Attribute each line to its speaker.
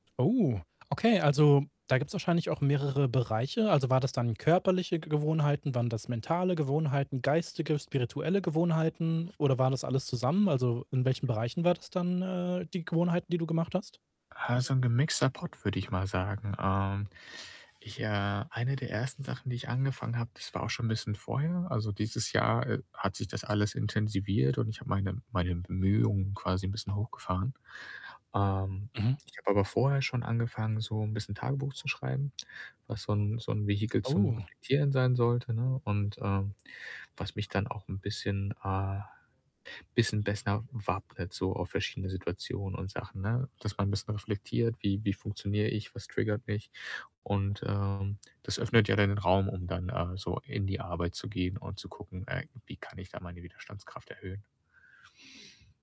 Speaker 1: Oh, okay, also, da gibt's wahrscheinlich auch mehrere Bereiche. Also, war das dann körperliche Ge Gewohnheiten, waren das mentale Gewohnheiten, geistige, spirituelle Gewohnheiten oder waren das alles zusammen? Also, in welchen Bereichen war das dann, äh, die Gewohnheiten, die du gemacht hast?
Speaker 2: Äh, so 'n gemixter Pott, würde ich mal sagen. Ähm, ich, äh eine der 1. Sachen, die ich angefangen habe, das war auch schon 'n bisschen vorher. Also, dieses Jahr, äh, hat sich das alles intensiviert und ich habe meine meine Bemühungen quasi 'n bisschen hochgefahren. Ähm,
Speaker 1: Mhm.
Speaker 2: ich habe aber vorher schon angefangen, so 'n bisschen Tagebuch zu schreiben, was so 'n so 'n Vehikel zum
Speaker 1: Oh.
Speaker 2: Reflektieren sein sollte, ne? Und, ähm, was mich dann auch 'n bisschen, äh bisschen besser wappnet so auf verschiedene Situationen und Sachen, ne? Dass man bisschen reflektiert, wie wie funktioniere ich? Was triggert mich? Und, ähm, das öffnet ja dann den Raum, um dann, äh, so in die Arbeit zu gehen und zu gucken, äh, wie kann ich da meine Widerstandskraft erhöhen.